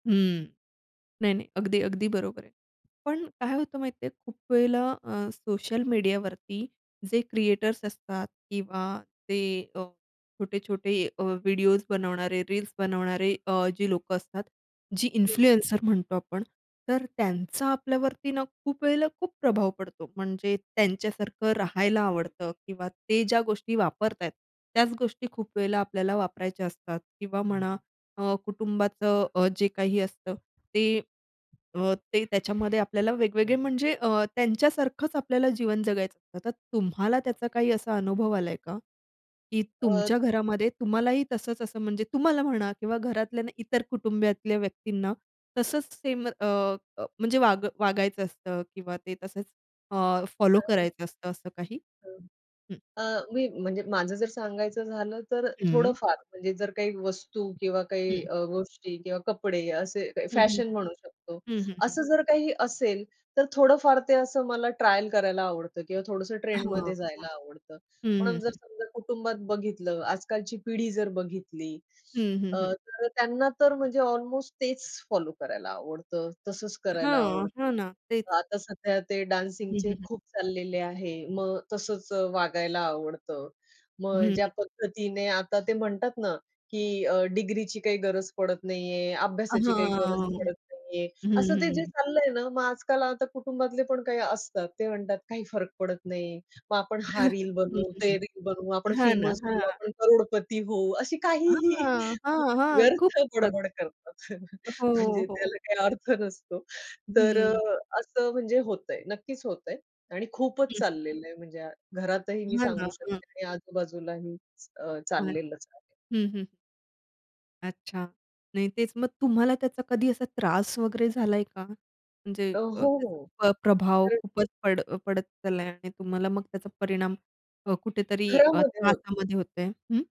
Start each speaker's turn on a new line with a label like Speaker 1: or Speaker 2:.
Speaker 1: हं, नाही, नाही, अगदी, अगदी बरोबर आहे. पण काय होतं माहिती आहे, खूप वेळेला अ, सोशल मीडियावरती जे क्रिएटर्स असतात किंवा ते अ, छोटे-छोटे अ, व्हिडिओस बनवणारे, रील्स बनवणारे अ, जी अ, लोकं असतात, जी
Speaker 2: हं.
Speaker 1: इन्फ्लुएन्सर म्हणतो आपण, तर त्यांचा आपल्यावरती ना खूप वेळेला खूप प्रभाव पडतो, म्हणजे त्यांच्यासारखं राहायला आवडतं किंवा ते ज्या गोष्टी वापरत आहेत, त्याच गोष्टी खूप वेळेला आपल्याला वापरायच्या असतात किंवा म्हणा अ, कुटुंबाचं अ, जे काही असतं, ते अ, ते त्याच्यामध्ये आपल्याला वेगवेगळे म्हणजे अ, त्यांच्यासारखंच आपल्याला जीवन जगायचं. आता तुम्हाला त्याचा काही असा अनुभव आलाय का, की
Speaker 2: अ,
Speaker 1: तुमच्या
Speaker 2: [unintelligible]
Speaker 1: घरामध्ये तुम्हालाही तसंच असं म्हणजे तुम्हाला म्हणा किंवा घरातल्या इतर कुटुंबातल्या व्यक्तींना तसंच सेम अ, अ, म्हणजे वाग वागायचं असतं किंवा ते तसंच अ, फॉलो
Speaker 2: अ.
Speaker 1: करायचं असतं असं काही?
Speaker 2: हं.
Speaker 1: हं.
Speaker 2: अ, मी म्हणजे माझं जर सांगायचं झालं तर अ,
Speaker 1: हं.
Speaker 2: थोडंफार म्हणजे जर काही वस्तू किंवा काही
Speaker 1: हं.
Speaker 2: अ, गोष्टी किंवा कपडे असे काही
Speaker 1: हं, हं.
Speaker 2: फॅशन म्हणू शकतो,
Speaker 1: हं, हं, हं.
Speaker 2: असं जर काही असेल तर थोडंफार ते असं मला ट्रायल करायला आवडतं किंवा थोडंसं
Speaker 1: हां,
Speaker 2: ट्रेंडमध्ये
Speaker 1: हां.
Speaker 2: जायला आवडतं,
Speaker 1: हं,
Speaker 2: पण
Speaker 1: हं,
Speaker 2: जर
Speaker 1: हं.
Speaker 2: समजा कुटुंबात बघितलं आजकालची पिढी जर बघितली.
Speaker 1: हं, हं,
Speaker 2: अ,
Speaker 1: हं.
Speaker 2: तर त्यांना अ, तर म्हणजे अल्मोस्ट तेच फॉलो करायला आवडतं, तसंच करायला
Speaker 1: हां,
Speaker 2: आवडतं.
Speaker 1: हां ना, तेच.
Speaker 2: आता सध्या ते
Speaker 1: हं, हं,
Speaker 2: डान्सिंगचे
Speaker 1: हं.
Speaker 2: खूप चाललेले आहे, मग तसंच वागायला आवडतं.
Speaker 1: हं,
Speaker 2: मग ज्या
Speaker 1: हं.
Speaker 2: पद्धतीने आता ते म्हणतात ना की अ, डिग्रीची काही गरज पडत नाहीये,
Speaker 1: अ,
Speaker 2: अभ्यासाची काही गरज
Speaker 1: हां.
Speaker 2: पडत नाहीये,
Speaker 1: हं,
Speaker 2: असं ते जे
Speaker 1: हं.
Speaker 2: चाललंय ना मग आजकाल आता कुटुंबातले पण काही असतात. ते म्हणतात काही फरक पडत नाही, मग आपण हा रील
Speaker 1: हं, हं,
Speaker 2: बनवू, ते
Speaker 1: हं.
Speaker 2: रील बनवू, आपण
Speaker 1: हां ना,
Speaker 2: फेमस होऊ,
Speaker 1: हां.
Speaker 2: आपण करोडपती होऊ अशी काहीही
Speaker 1: हां, हां, हां, खूप
Speaker 2: व्यर्थ
Speaker 1: असतात.
Speaker 2: बडबड करतात
Speaker 1: हो,
Speaker 2: म्हणजे
Speaker 1: हो.
Speaker 2: त्याला काही अर्थ नसतो. तर अ,
Speaker 1: हं.
Speaker 2: असं म्हणजे होतंय. नक्कीच होतंय आणि खूपच
Speaker 1: हं.
Speaker 2: चाललेलं आहे म्हणजे घरातही मी
Speaker 1: हां,
Speaker 2: सांगू
Speaker 1: हां, हां.
Speaker 2: शकते आणि आजूबाजूलाही अ,
Speaker 1: [unintelligible]
Speaker 2: चाललेलंच आहे.
Speaker 1: हं, हं. अच्छा, नाही तेच मग तुम्हाला त्याचा कधी असा त्रास वगैरे झालाय का, म्हणजे
Speaker 2: अ,
Speaker 1: अ,
Speaker 2: हो,
Speaker 1: त्याचा
Speaker 2: हो.
Speaker 1: प्र प्रभाव
Speaker 2: तर
Speaker 1: खूपच पड अ, ...पडत चाललाय आणि तुम्हाला मग त्याचा परिणाम अ, कुठेतरी अ,
Speaker 2: घरामध्ये होत.
Speaker 1: त्रासामध्ये होत आहे, हं?